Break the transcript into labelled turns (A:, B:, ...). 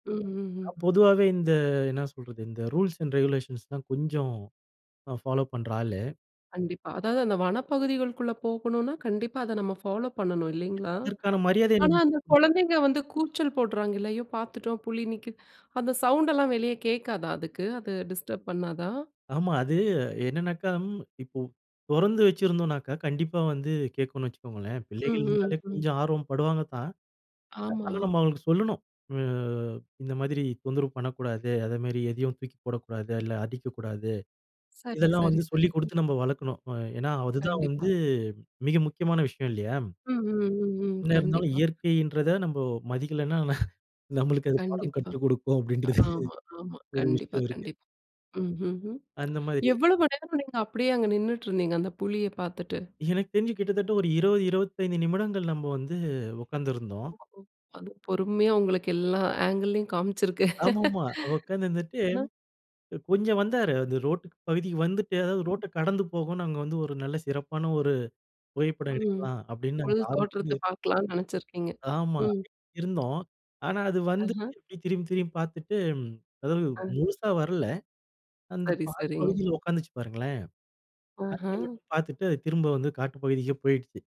A: ம், ம், ம்.
B: நான் பொதுவாவே இந்த என்ன சொல்றது? "இந்த ரூல்ஸ் அண்ட் ரெகுலேஷன்ஸ் தான் கொஞ்சம் நான் ஃபாலோப் பண்ற ஆளு."
A: கண்டிப்பா. அதாவது அந்த வனப்பகுதிகள்குள்ள போகணுன்னா, கண்டிப்பா அத நம்ம ஃபாலோப் பண்ணணும் இல்லேங்களா!
B: ஏன்னா, அதற்கான மரியாதைய
A: ஆனா, அந்த
B: [unintelligible]
A: குழந்தைங்க வந்து கூச்சல் போடுறாங்கல்ல. அய்யோ! பார்த்துட்டோம் புலி நிக்கிது. அந்த சவுண்ட் எல்லாம் வெளியே கேட்காதா? அதுக்கு அது டிஸ்டர்ப் பண்ணாதா?
B: ஆமா. அது என்னன்னாக்கா, இப்போ தொறந்து வச்சிருந்தோன்னாக்கா, கண்டிப்பா வந்து கேக்குன்னு வச்சுக்கோங்களேன். பிள்ளைகள்
A: ம், ம்,
B: இருந்தாலே
A: ம்.
B: கொஞ்சம் ஆர்வம் படுவாங்க தான்.
A: ஆமா.
B: ஆனா, நம்ம அவுங்களுக்கு சொல்லணும். ஆ இந்த மாதிரி தொந்தரவு பண்ணக்கூடாது. அதேமாரி எதையும் தூக்கி போடக்கூடாது. இல்ல அடிக்கக்கூடாது.
A: சரி,
B: இதெல்லாம்
A: சரி,
B: வந்து
A: சரி,
B: சொல்லிக்
A: சரி.
B: குடுத்து நம்ம வளர்க்கணும். அ ஏன்னா அதுதான் வந்து
A: கண்டிப்பா.
B: மிக முக்கியமான விஷயம் இல்லயா!
A: ம், ம், ம், ம்.
B: என்ன இருந்தாலும்
A: கண்டிப்பா.
B: இயற்கையின்றத நம்ம மதிக்கலன்னா, ந நம்மளுக்கு அது பாடம்
A: கண்டிப்பா.
B: கற்று கொடுக்கும் அப்பிடின்றது
A: ஆமா, ஆமா.
B: ஒரு
A: கண்டிப்பா,
B: விஷயம் இருக்கு.
A: கண்டிப்பா. ம், ம், ம்.
B: அந்த மாரி
A: எவ்வளவு நேரம் நீங்க அப்பிடியே அங்க நின்னுட்டு இருந்தீங்க? அந்த புலிய பார்த்துட்டு.
B: எனக்கு தெரிஞ்சு கிட்டத்தட்ட ஒரு 20 25 நிமிடங்கள் நம்ம வந்து உட்கார்ந்திருந்தோம்.
A: [unintelligible] அது பொறுமையா உங்களுக்கு எல்லா ஆங்கில்லயும் காமிச்சிருக்கு.
B: ஆமாமா. உட்கார்ந்து இருந்துட்டு
A: அ.
B: அ கொஞ்சம் வந்தாரு. அந்த ரோட் பகுதிக்கு வந்துட்டு, அதாவது ரோட்ட கடந்து போகுன்னு அங்க வந்து ஒரு நல்ல சிறப்பான ஒரு புகைப்படம்
A: ம்.
B: எடுக்கலா அப்பிடின்னு
A: புலி தோற்றத்த
B: ஆர்வத்தோடு
A: பார்க்கலான்னு நினைச்சிருக்கீங்க.
B: ஆமா.
A: ம்
B: இருந்தோம். ஆனா அது
A: அஹ.
B: வந்துட்டு இப்டி திரும்பி, திரும்பி பார்த்துட்டு ம் அதாவது
A: அ.
B: முழுசா வரல. அந்த
A: சரி,
B: பாதி
A: சரிங்க.
B: பகுதியில உட்காந்துச்சு பாருங்களேன். [unintelligible]
A: ஆஹ.
B: மட்டும் பார்த்துட்டு அது திரும்ப வந்து காட்டு பகுதிக்கே போயிடுச்சு.